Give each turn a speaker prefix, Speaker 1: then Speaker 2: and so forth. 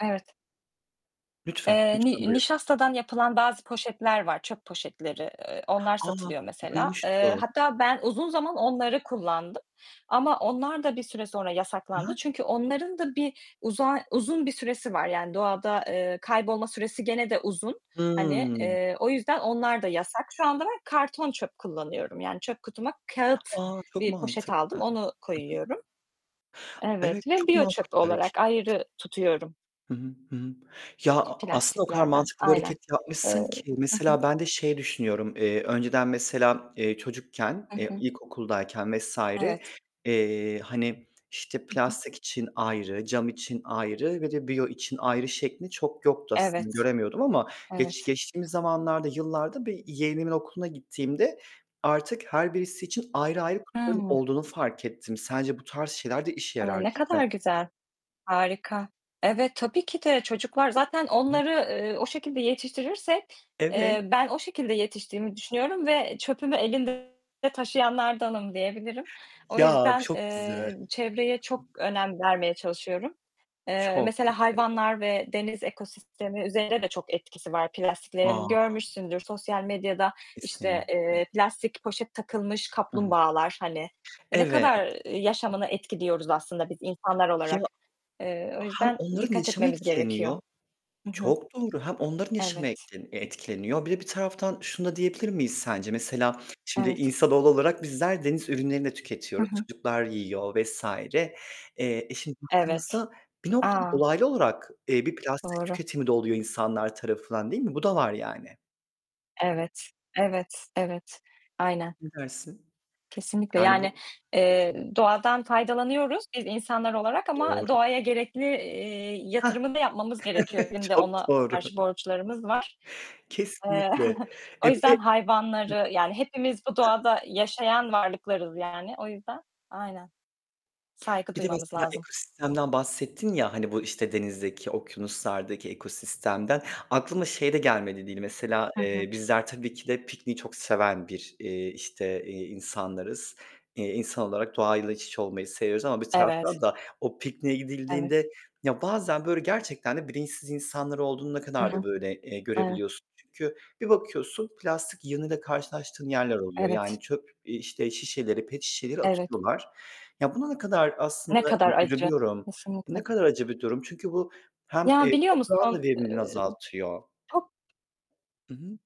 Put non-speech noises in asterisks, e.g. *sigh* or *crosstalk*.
Speaker 1: Evet.
Speaker 2: Lütfen,
Speaker 1: Eee,
Speaker 2: lütfen
Speaker 1: ni
Speaker 2: buyur.
Speaker 1: nişastadan yapılan bazı poşetler var, ııı, çöp poşetleri. Iıı, onlar
Speaker 2: A,
Speaker 1: satılıyor mesela. Eee,
Speaker 2: duymuştum.
Speaker 1: hatta ben uzun zaman onları kullandım ama onlar da bir süre sonra
Speaker 2: Hı
Speaker 1: yasaklandı
Speaker 2: hı.
Speaker 1: çünkü onların da bir uzar uzun bir süresi var, yani doğada, eee, kaybolma süresi gene de uzun, hani,
Speaker 2: Hımm.
Speaker 1: eee, o yüzden onlar da yasak. Şu anda ben karton çöp kullanıyorum, yani çöp kutuma kâğıt
Speaker 2: A, çok
Speaker 1: bir poşet
Speaker 2: mantıklı.
Speaker 1: aldım,
Speaker 2: Hı hı.
Speaker 1: onu koyuyorum.
Speaker 2: Evet
Speaker 1: Evet ve
Speaker 2: çok
Speaker 1: biyo
Speaker 2: makul
Speaker 1: çöpü
Speaker 2: bir hareket.
Speaker 1: olarak ayrı tutuyorum
Speaker 2: Hı hı, hı hı. Ya, a aslında o kadar
Speaker 1: Plastiklerden.
Speaker 2: mantıklı bir
Speaker 1: Aynen.
Speaker 2: hareket yapmışsın
Speaker 1: Eee
Speaker 2: ki
Speaker 1: hı hı.
Speaker 2: mesela ben de şey düşünüyorum. Eee, önceden mesela, eee, çocukken,
Speaker 1: Hı
Speaker 2: eee,
Speaker 1: hı.
Speaker 2: ilkokuldayken vs.
Speaker 1: Evet.
Speaker 2: eee, hani işte
Speaker 1: Hı hı.
Speaker 2: plastik için ayrı, cam için ayrı ve de biyo için ayrı şeklinde çok yoktu aslında,
Speaker 1: Evet.
Speaker 2: göremiyordum ama geç
Speaker 1: Evet.
Speaker 2: geçtiğimiz zamanlarda, yıllarda bir yeğenimin okuluna gittiğimde artık her birisi için ayrı ayrı
Speaker 1: Hı.
Speaker 2: olduğunu fark ettim. Sence bu tarz şeyler de işe
Speaker 1: Hı,
Speaker 2: yarar
Speaker 1: ne
Speaker 2: değil mi?
Speaker 1: kadar güzel. Harika. Evet, tabii ki de çocuklar zaten
Speaker 2: Hı hı.
Speaker 1: onları, eee, o şekilde yetiştirirsek, eee,
Speaker 2: Evet.
Speaker 1: ben o şekilde yetiştiğimi düşünüyorum ve çöpümü elinde taşıyanlardanım diyebilirim. O
Speaker 2: Ya,
Speaker 1: yüzden,
Speaker 2: çok güzel.
Speaker 1: eee, çevreye çok
Speaker 2: *unintelligible*
Speaker 1: önem vermeye çalışıyorum. Eee,
Speaker 2: Çok
Speaker 1: mesela
Speaker 2: güzel, evet.
Speaker 1: hayvanlar ve deniz ekosistemi üzerine de çok etkisi var.
Speaker 2: A!
Speaker 1: Plastiklerin görmüşsündür. Sosyal medyada işte,
Speaker 2: Kesinlikle.
Speaker 1: eee, plastik poşet takılmış
Speaker 2: Hı hı.
Speaker 1: kaplumbağalar, hani, eee, ne
Speaker 2: Evet.
Speaker 1: kadar yaşamını etkiliyoruz aslında biz insanlar
Speaker 2: Ya,
Speaker 1: olarak. Eee, o
Speaker 2: hem
Speaker 1: yüzden
Speaker 2: onların
Speaker 1: dikkat
Speaker 2: yaşamı
Speaker 1: etmemiz gerekiyor.
Speaker 2: etkileniyor
Speaker 1: Hı hı.
Speaker 2: çok doğru hem onların yaşamı et
Speaker 1: Evet.
Speaker 2: etkileniyor. Bir de bir taraftan şunu da diyebilir miyiz sence? Mesela şimdi
Speaker 1: Evet.
Speaker 2: insanoğlu olarak bizler deniz ürünlerini de
Speaker 1: Hı
Speaker 2: tüketiyoruz.
Speaker 1: hı.
Speaker 2: Çocuklar yiyor vs. Eee, eee, şimdi
Speaker 1: Evet.
Speaker 2: baktığımızda bir noktada
Speaker 1: A.
Speaker 2: dolaylı olarak, eee, bir plastik
Speaker 1: Doğru.
Speaker 2: tüketimi de oluyor insanlar tarafından değil mi? Bu da var yani.
Speaker 1: Evet. Evet. Evet. Aynen.
Speaker 2: Ne dersin?
Speaker 1: Kesinlikle,
Speaker 2: Yani
Speaker 1: yani,
Speaker 2: bu
Speaker 1: eee, doğadan faydalanıyoruz biz insanlar olarak
Speaker 2: Doğru.
Speaker 1: ama doğaya gerekli, eee,
Speaker 2: Hah.
Speaker 1: yatırımı da yapmamız gerekiyor.
Speaker 2: *chuckles*
Speaker 1: Bizim de
Speaker 2: çok
Speaker 1: ona
Speaker 2: doğru.
Speaker 1: karşı borçlarımız var. Eee,
Speaker 2: Kesinlikle.
Speaker 1: o
Speaker 2: Eee, bir
Speaker 1: yüzden
Speaker 2: de Hı.
Speaker 1: hayvanları yani hepimiz bu
Speaker 2: Hı.
Speaker 1: doğada yaşayan varlıklarız yani. O yüzden, aynen. Saygı
Speaker 2: Bir de
Speaker 1: duymamız
Speaker 2: mesela
Speaker 1: lazım.
Speaker 2: ekosistemden bahsettin ya hani bu işte denizdeki, okyanuslardaki ekosistemden. Aklıma şey de gelmedi değil mesela,
Speaker 1: Hı hı.
Speaker 2: eee, bizler tabii ki de pikniği çok seven bir, eee, işte, eee, insanlarız. Eee, insan olarak doğayla iç iç olmayı seviyoruz ama bir
Speaker 1: Evet.
Speaker 2: taraftan da o pikniğe
Speaker 1: Evet.
Speaker 2: gidildiğinde ya, bazen böyle gerçekten de bilinçsiz insanlar olduğunu ne
Speaker 1: Hı
Speaker 2: kadar da
Speaker 1: hı.
Speaker 2: böyle, eee,
Speaker 1: Evet.
Speaker 2: görebiliyorsun. Çünkü bir bakıyorsun plastik yığınıyla karşılaştığın yerler oluyor
Speaker 1: Evet.
Speaker 2: yani çöp, eee, işte şişeleri, pet şişeleri
Speaker 1: Evet.
Speaker 2: atıyorlar. Ya, buna ne kadar
Speaker 1: Ne
Speaker 2: aslında
Speaker 1: kadar
Speaker 2: hani
Speaker 1: acı.
Speaker 2: üzülüyorum, ne
Speaker 1: Kesinlikle.
Speaker 2: kadar acı bir durum... Çünkü bu hem, eee,
Speaker 1: Ya, biliyor
Speaker 2: toprağın
Speaker 1: musun?
Speaker 2: da verimliliğini
Speaker 1: Iıı
Speaker 2: azaltıyor.
Speaker 1: çok.
Speaker 2: Hı hı.